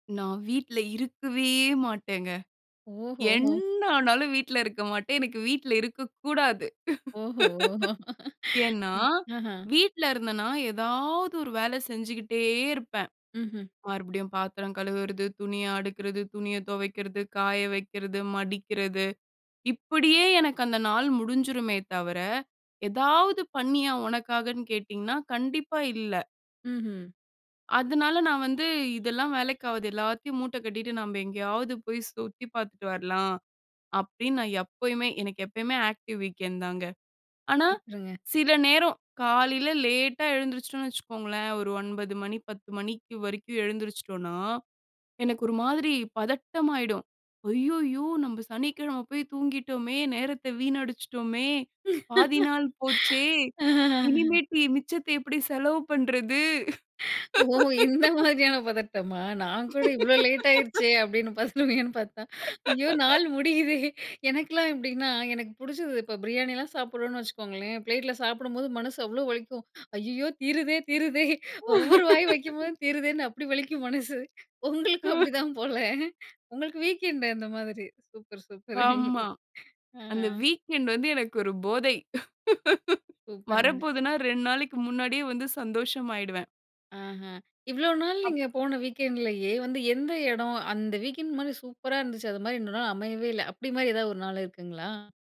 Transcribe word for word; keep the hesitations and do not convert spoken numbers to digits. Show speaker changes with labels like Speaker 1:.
Speaker 1: நான் வீட்ல இருக்கவே மாட்டேங்க.
Speaker 2: ஓஹோ!
Speaker 1: என்ன ஆனாலும் வீட்ல இருக்க மாட்டேன். எனக்கு வீட்ல இருக்கக்கூடாது.
Speaker 2: ஓஹோ!
Speaker 1: ஏன்னா,
Speaker 2: ஆஹ.
Speaker 1: வீட்ல இருந்தேன்னா எதாவது ஒரு வேல செஞ்சுகிட்டே இருப்பேன்.
Speaker 2: ம்ஹ்ம்.
Speaker 1: மறுபடியும் பாத்திரம் கழுவுறது, துணிய அடுக்றது, துணிய துவைக்றது, காய வைக்குறது, மடிக்றது. இப்டியே எனக்கு அந்த நாள் முடிஞ்சுருமே தவர, எதாவது பண்ணியா உனக்காகன்னு கேட்டிங்கன்னா, கண்டிப்பா இல்ல.
Speaker 2: மஹ்ம்.
Speaker 1: அதனால நான் வந்து, இதெல்லாம் வேலைக்கு ஆகாது எல்லாத்தையும் மூட்ட கட்டிட்டு நாம எங்கேயாவது போய் சுத்தி பாத்துட்டு வரலாம். அப்டின்னு நான் எப்பயுமே எனக்கு எப்பவுமே ஆக்டிவ் வீக்கெண்ட் தாங்க. ஆனா,
Speaker 2: சூப்பர்ங்க.
Speaker 1: சில நேரம் காலைல லேட்டா எழுந்திருச்சுட்டோம்ன்னா வெச்சுக்கோங்களேன், ஒரு ஒன்பது மணி பத்து மணிக்கு வரைக்கும் எழுந்திருச்சுட்டோம்ன்னா, எனக்கு ஒரு மாதிரி பதட்டம் ஆயிடும். அய்யய்யோ நம்ம சனிக்கெழம போய் தூங்கிட்டோமே, நேரத்த வீணடிச்ட்டோமே, பாதி நாள் போச்சே,
Speaker 2: ஆ.
Speaker 1: இனிமேட்டு மிச்சத்த எப்டி செலவு பண்றது?
Speaker 2: ஓ! இந்த மாதிரியான பதட்டமா? நான் கூட இவ்ளோ லேட் ஆயிடுச்சே அப்டின்னு பதறுவீங்கன்னு பார்த்தா, ஐயோ நாள் முடியுதே! எனக்குலாம் எப்டின்னா, எனக்கு புடிச்சது, இப்ப பிரியாணிலாம் சாப்டுறோம்னு வெச்சுக்கோங்களேன், பிளேட்ல சாப்டும்போது மனசு அவ்ளோ வலிக்கும். ஐயையோ! தீருதே தீருதே! ஒவ்வொரு வாய் வைக்கும் போதும் தீருதேன்னு அப்டி வலிக்கும் மனசு. உங்களுக்கும் அப்டி தான் போல? உங்களுக்கு வீக்கெண்ட் அந்த மாரி. Super super!
Speaker 1: ஆமா.
Speaker 2: ஆ.
Speaker 1: அந்த வீக்கெண்ட் வந்து எனக்கு ஒரு போதை.
Speaker 2: சூப்பர்ங்க.
Speaker 1: வரப்போதுனா ரெண்டு நாளைக்கு முன்னாடியே வந்து சந்தோஷமாயிடுவேன்.
Speaker 2: ஆஹா இவ்ளோ நாள்
Speaker 1: அப்.
Speaker 2: நீங்க போன வீக்கெண்ட்லயே, வந்து எந்த எடம்? அந்த வீக்கெண்ட் மாரி சூப்பரா இருந்துச்சு, அது மாரி இன்னும் நாள் அமையவே இல்ல அப்டின்மாரி எதாவது ஒரு நாள் இருக்குங்களா?